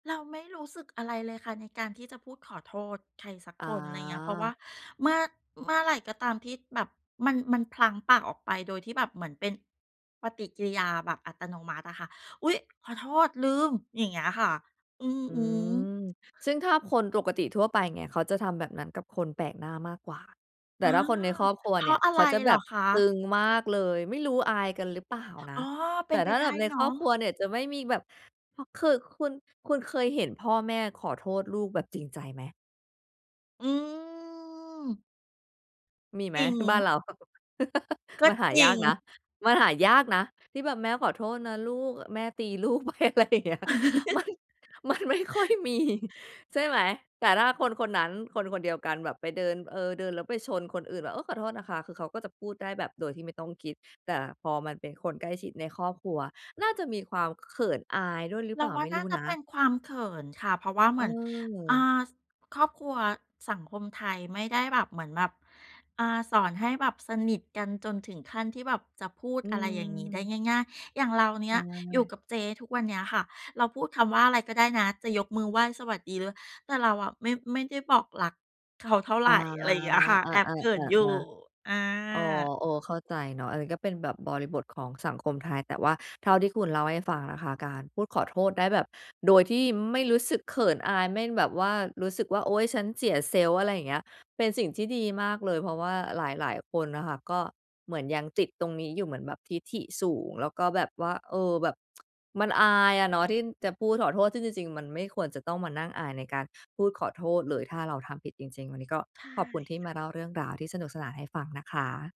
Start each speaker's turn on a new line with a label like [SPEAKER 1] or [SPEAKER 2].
[SPEAKER 1] เราไม่รู้สึกอะไรเลยค่ะในการที่จะพูดขอโทษใครสัก
[SPEAKER 2] อ
[SPEAKER 1] คน ไรเงี้ย เพราะว่า
[SPEAKER 2] า
[SPEAKER 1] เมื่อ เมื่อไรก็ตามที่แบบมัน มันพลั้งปากออกไปโดยที่แบบเหมือนเป็นปฏิกิริยาแบบอัตโนมัติอะค่ะ "อุ๊ย ขอโทษ ลืม" อย่างเงี้ยค่ะ อือ
[SPEAKER 2] อื
[SPEAKER 1] ฮึ
[SPEAKER 2] ม ซึ่งถ้าคนปกติทั่วไป เงี้ย เขาจะทำแบบนั้นกับคนแปลกหน้ามากกว่า แต่
[SPEAKER 1] อา
[SPEAKER 2] ถ้าคนในครอบครัว
[SPEAKER 1] เพ
[SPEAKER 2] เ
[SPEAKER 1] ร
[SPEAKER 2] นี่
[SPEAKER 1] า
[SPEAKER 2] ย
[SPEAKER 1] ะอะ
[SPEAKER 2] เข
[SPEAKER 1] ไร
[SPEAKER 2] าจะ
[SPEAKER 1] เ
[SPEAKER 2] แบ
[SPEAKER 1] หร
[SPEAKER 2] บ
[SPEAKER 1] อคะ?
[SPEAKER 2] ตึงมากเลย ไม่รู้อายกันหรือเปล่าน
[SPEAKER 1] อ
[SPEAKER 2] ะ
[SPEAKER 1] ๋อ เ
[SPEAKER 2] แ
[SPEAKER 1] ป
[SPEAKER 2] ต
[SPEAKER 1] ็
[SPEAKER 2] ่
[SPEAKER 1] นไ
[SPEAKER 2] ถ
[SPEAKER 1] ป
[SPEAKER 2] ้า
[SPEAKER 1] ได
[SPEAKER 2] แบ
[SPEAKER 1] ้
[SPEAKER 2] บใน
[SPEAKER 1] เน
[SPEAKER 2] ค
[SPEAKER 1] า
[SPEAKER 2] รอ
[SPEAKER 1] ะ
[SPEAKER 2] บครัวเนี่ยจะไม่มีแบบ พอ คือคุณ คุณเคยเห็นพ่อแม่ขอโทษลูกแบบจริงใจไหม?
[SPEAKER 1] อืม
[SPEAKER 2] มีไ
[SPEAKER 1] จ
[SPEAKER 2] หม
[SPEAKER 1] ริ
[SPEAKER 2] บ้า
[SPEAKER 1] ง
[SPEAKER 2] นเรา
[SPEAKER 1] ก็
[SPEAKER 2] มันหา
[SPEAKER 1] จร
[SPEAKER 2] ย
[SPEAKER 1] ิ
[SPEAKER 2] าก
[SPEAKER 1] ง
[SPEAKER 2] นะ มันหายากนะที่แบบ "แม่ขอโทษนะลูก แม่ตีลูกไป" อะไรอย่างเงี้ย มัน มันไม่ค่อยมี ใช่ไหม แต่ถ้าคนคนนั้น คนคนเดียวกันแบบไปเดิน เออ เดินแล้วไปชนคนอื่นแบบ เออ ขอโทษนะคะ คือเขาก็จะพูดได้แบบโดยที่ไม่ต้องคิด แต่พอมันเป็นคนใกล้ชิดในครอบครัว น่าจะมีความเขินอายด้วยหรือ
[SPEAKER 1] เ
[SPEAKER 2] เ
[SPEAKER 1] ร
[SPEAKER 2] ปล
[SPEAKER 1] า
[SPEAKER 2] ่า
[SPEAKER 1] ว่
[SPEAKER 2] ไ
[SPEAKER 1] า
[SPEAKER 2] ม่
[SPEAKER 1] น
[SPEAKER 2] ร
[SPEAKER 1] ่
[SPEAKER 2] ู
[SPEAKER 1] า
[SPEAKER 2] ้
[SPEAKER 1] จะ
[SPEAKER 2] นะ
[SPEAKER 1] เป็นความเขินค่ะ เพราะว่าเ
[SPEAKER 2] เ
[SPEAKER 1] หมือน อ่
[SPEAKER 2] ออ
[SPEAKER 1] า ส ครอบครัว สังคมไทยไม่ได้แบบเหมือนแบบ อ่า สอนให้แบบสนิทกันจนถึงขั้นที่แบบจะพูด
[SPEAKER 2] อื
[SPEAKER 1] อะไรอย่างงี้ได้
[SPEAKER 2] ม
[SPEAKER 1] ง่าย ๆ อย่างเราเน
[SPEAKER 2] ใ
[SPEAKER 1] ี
[SPEAKER 2] ช
[SPEAKER 1] ่ยอยู่
[SPEAKER 2] ่
[SPEAKER 1] กับเจ๊ทุกวันเนี้ยค่ะ เราพูดคำว่าอะไรก็ได้นะ จะยกมือไหว้ สวัสดี ล แต่เราอะไม่ ไม่ได้บอกรัก เขา เท่าไ
[SPEAKER 2] อ
[SPEAKER 1] ร
[SPEAKER 2] า
[SPEAKER 1] อะไรเงี้ยค่ะ แอบ
[SPEAKER 2] อา
[SPEAKER 1] เขินอยู่
[SPEAKER 2] ๆ ๆ
[SPEAKER 1] อ
[SPEAKER 2] ๆ อ๋อ
[SPEAKER 1] า
[SPEAKER 2] เออ เข้าใจเนาะ อันเนี้ยก็เป็นแบบบริบทของสังคมไทย แต่ว่าเท่าที่คุณเล่าให้ฟังนะคะ การพูดขอโทษได้แบบโดยที่ไม่รู้สึกเขินอาย ไม่แบบว่ารู้สึกว่า โอ๊ย ฉันเสีย Self อะไรอย่างเงี้ย เป็นสิ่งที่ดีมากเลย เพราะว่าหลาย ๆ คนน่ะค่ะ ก็เหมือนยังติดตรงนี้อยู่ เหมือนแบบทิฐิสูง แล้วก็แบบว่า เออ แบบ มันอายอะเนาะที่จะพูดขอโทษ ซึ่งจริง ๆ มันไม่ควรจะต้องมานั่งอายในการพูดขอโทษเลย ถ้าเราทำผิดจริง ๆ วันนี้ก็
[SPEAKER 1] ใช่
[SPEAKER 2] ขอบคุณที่
[SPEAKER 1] ค
[SPEAKER 2] ม
[SPEAKER 1] ่
[SPEAKER 2] า
[SPEAKER 1] ะ
[SPEAKER 2] เล่าเรื่องราวที่สนุกสนานให้ฟังนะคะ